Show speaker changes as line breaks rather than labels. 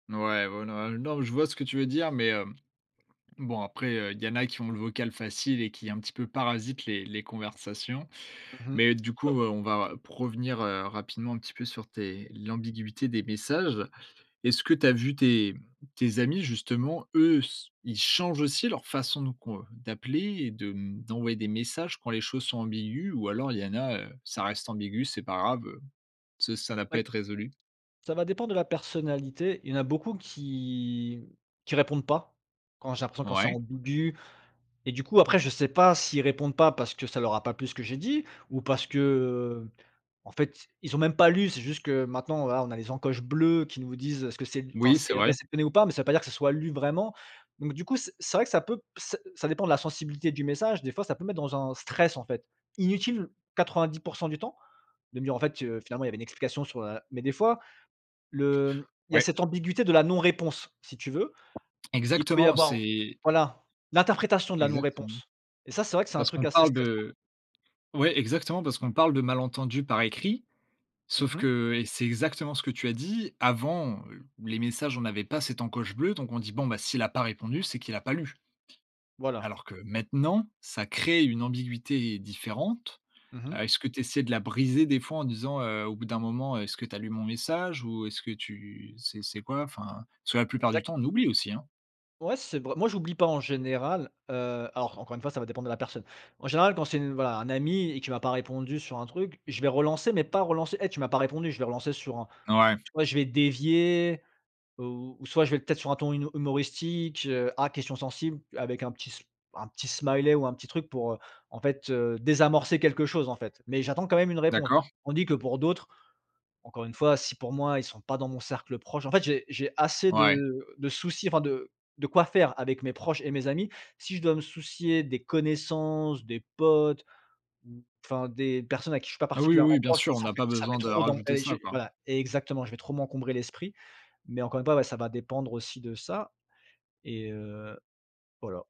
Ouais, ouais non, heu, non je vois ce que tu veux dire, mais, hem, bon après, heu, il y en a qui ont le vocal facile et qui un petit peu parasitent les les conversations.
Mmh mh.
Mais du
Ouais
coup,
ouais.
heu, on va provenir, heu, rapidement un petit peu sur tes l'ambiguïté des messages. Est-ce que tu as vu tes tes amis justement, eux s ils changent aussi leur façon de qu'on, heu, d'appeler et de mmh, d'envoyer des messages quand les choses sont ambiguës? Ou alors il y en a, heu, ça reste ambigu, c'est pas grave, heu, ce ça n'a pas
Oui.
être à résolu?
Ça va dépendre de la personnalité, y en a beaucoup qui mmh, qui répondent pas, quand j'ai l'impression quand c'est
Ouais.
ambiguë et du coup après je sais pas s'ils répondent pas parce que ça leur a pas plu ce que j'ai dit, ou parce que, heu, en fait ils ont même pas lu. C'est juste que maintenant voilà on a les encoches bleues qui nous disent est-ce que c'est enfin
Oui, c'est
c'est
vrai.
réceptionné ou pas, mais ça veut pas dire que ce soit lu vraiment. Donc du coup c c'est vrai que peut p ç ça peut ça ça dépend de la sensibilité du message. Des fois ça peut mettre dans un stress en fait, inutile 90% du temps, de me dire en fait, heu, finalement il y avait une explication sur la mais des fois, le mmh, il y a
Ouais.
cette ambiguïté de la non-réponse si tu veux. Il peut y
Exactement,
avoir
c'est
voilà, l'interprétation de la
Exactement.
non-réponse et ça c'est vrai que c'est un
Parce
truc
qu'on
assez
parle
stressant.
de ouais, exactement parce qu'on parle de malentendus par écrit.
Mmh
Sauf
mh.
que et c'est exactement ce que tu as dit avant, heu, les messages, on n'avait pas cette encoche bleue. Donc on dit: «Bon, s'il a pas répondu, c'est qu'il a pas lu».
Voilà.
Alors que
Dè
maintenant, ça crée une ambiguïté différente.
Mmh
Heu,
mh.
est-ce que tu essaies de la briser des fois en disant, heu, au bout d'un moment, heu: «Est-ce que tu as lu mon message?» ou «Est-ce que tu c'est c'est quoi?» enfin. Parce que la plupart du
Exact.
temps, on oublie aussi, hein.
Ouais c'est vrai, moi j'oublie pas en général, heu, alors encore une fois ça va dépendre de la personne. En général quand c'est une voilà un ami et qu'il m'a pas répondu sur un truc, je vais relancer mais pas relancer: «Eh tu m'as pas répondu!» je vais relancer sur un
Ouais.
tu vois, je vais dévier, heu, ou soit je vais peut-être sur un ton huno humoristique: «Ah question sensible» avec un petit s un petit smiley ou un petit truc pour, heu, en fait, heu, désamorcer quelque chose en fait. Mais j'attends quand même une réponse.
D'accord.
Tandis que pour d'autres, encore une fois si pour moi ils sont pas dans mon cercle proche en fait j'ai j'ai assez de
Ouais.
de soucis enfin de de quoi faire avec mes proches et mes amis. Si je dois me soucier des connaissances, des potes, ou, enfin des personnes avec qui je suis pas
Ah oui, oui,
particulièrement
bien
proche,
sûr, on
ça
n'a
fait
pas
ça fait
besoin de
trop d'en
rajouter
et
ça
je
quoi.
voilà. Exactement, je vais trop m'encombrer l'esprit, mais encore une fois, ouais ça va dépendre aussi de ça et heu. Voilà.